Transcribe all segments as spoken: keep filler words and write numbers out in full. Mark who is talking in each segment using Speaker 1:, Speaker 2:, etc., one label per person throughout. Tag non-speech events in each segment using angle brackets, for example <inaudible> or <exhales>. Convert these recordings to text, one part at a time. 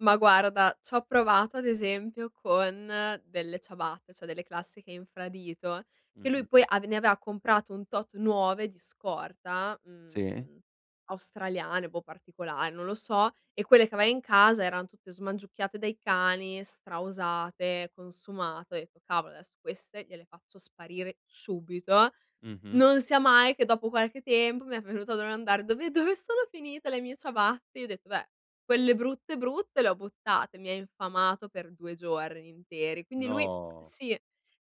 Speaker 1: Ma guarda, c'ho provato ad esempio con delle ciabatte, ceh delle classiche infradito che lui
Speaker 2: Mh-mh.
Speaker 1: poi avev ne aveva comprato un tot nuove di scorta,
Speaker 2: Si?
Speaker 1: mhmm, australiane, boh particolar non lo so, e quelle che aveva in casa eran tutte smangiucchiate dai cani, stra usate, consumate, ho detto: "Cavolo, adesso queste gliele faccio sparire subito".
Speaker 2: Mh-mh.
Speaker 1: Non sia mai che dopo qualche tempo mi è venuto a domandare: "Dove dove sono finite le mie ciabatte?" Gli ho detto: "Beh, quelle brutte, brutte le ho buttate". Mi ha infamato per due giorni interi. Quindi lui
Speaker 2: No.
Speaker 1: sì,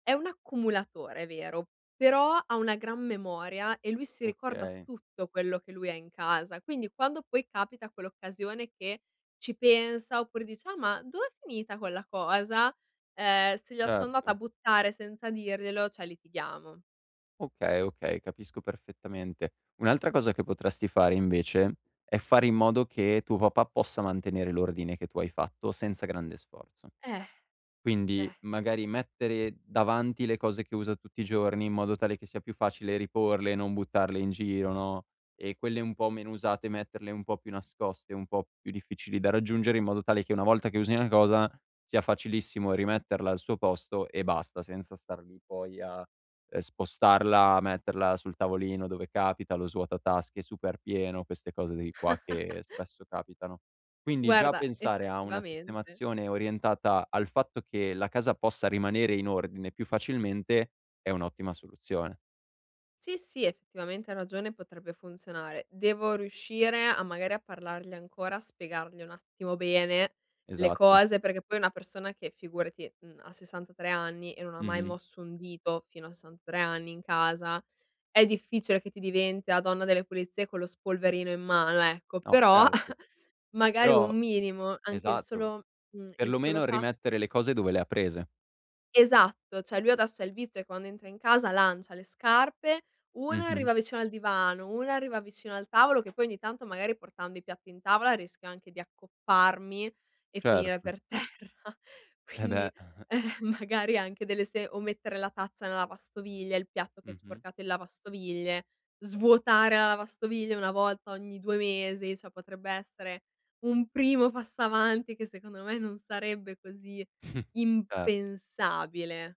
Speaker 1: è un accumulatore, è vero, però una gran memoria e lui si ricorda
Speaker 2: Okay.
Speaker 1: tutto quello che lui ha in casa. Quindi quando poi capita quell'occasione che ci pensa, oppure dice: "Ah ma, dov'è finita quella cosa?" Ehm, se gliela son andata a
Speaker 2: Certo.
Speaker 1: buttare senza dirglielo, ceh litighiamo.
Speaker 2: Okay, okay, capisco perfettamente. Un'altra cosa che potresti fare invece, è fare in modo che tuo papà possa mantenere l'ordine che tu hai fatto senza grande sforzo.
Speaker 1: Eh. <exhales>
Speaker 2: Quindi
Speaker 1: Eh.
Speaker 2: magari mettere davanti le cose che usa tutti i giorni, in modo tale che sia più facile riporle, non buttarle in giro, no, e quelle un po' meno usate metterle un po' più nascoste, un po' più difficili da raggiungere, in modo tale che una volta che usi una cosa, sia facilissimo rimetterla al suo posto e basta, senza star lì poi a, ehm, spostarla, metterla sul tavolino dove capita, lo svuota tasche super pieno, queste cose di qua che
Speaker 1: <chuckles>
Speaker 2: spesso capitano. Quindi, già
Speaker 1: Guarda,
Speaker 2: pensare a una
Speaker 1: effettivamente.
Speaker 2: sistemazione orientata al fatto che la casa possa rimanere in ordine più facilmente è un'ottima soluzione.
Speaker 1: Sì sì, effettivamente hai ragione, potrebbe funzionare. Devo riuscire a magari a parlargli ancora, a spiegargli un attimo bene le
Speaker 2: Esatto.
Speaker 1: cose, perché poi una persona che figurati, mhmm, ha sessantatré anni e non mai
Speaker 2: Mh-mh.
Speaker 1: mosso un dito fino a sessantatré anni in casa, è difficile che ti diventi la donna delle pulizie con lo spolverino in mano, ecco;
Speaker 2: No
Speaker 1: però
Speaker 2: certo.
Speaker 1: <chuckles> magari
Speaker 2: Però
Speaker 1: un minimo, anche il
Speaker 2: esatto.
Speaker 1: solo mhmm,
Speaker 2: Per
Speaker 1: il
Speaker 2: lo
Speaker 1: solo
Speaker 2: meno
Speaker 1: fat
Speaker 2: rimettere le cose dove le ha prese.
Speaker 1: Esatto, ceh lui adesso ha il vizio quando entra in casa lancia le scarpe, una
Speaker 2: Mh-mh.
Speaker 1: arriva vicino al divano, una arriva vicino al tavolo che poi ogni tanto magari portando i piatti in tavola rischio anche di accopparmi e finire
Speaker 2: Certo.
Speaker 1: per terra,
Speaker 2: Eh
Speaker 1: quindi,
Speaker 2: beh. <chuckles>
Speaker 1: ehm, magari anche delle se o mettere la tazza nella lavastoviglie, il piatto che è
Speaker 2: Mh-mh.
Speaker 1: sporcato in lavastoviglie, svuotare la lavastoviglie una volta ogni due mesi, ceh potrebbe essere un primo passo avanti che secondo me non sarebbe così
Speaker 2: <snorts> Cer
Speaker 1: impensabile.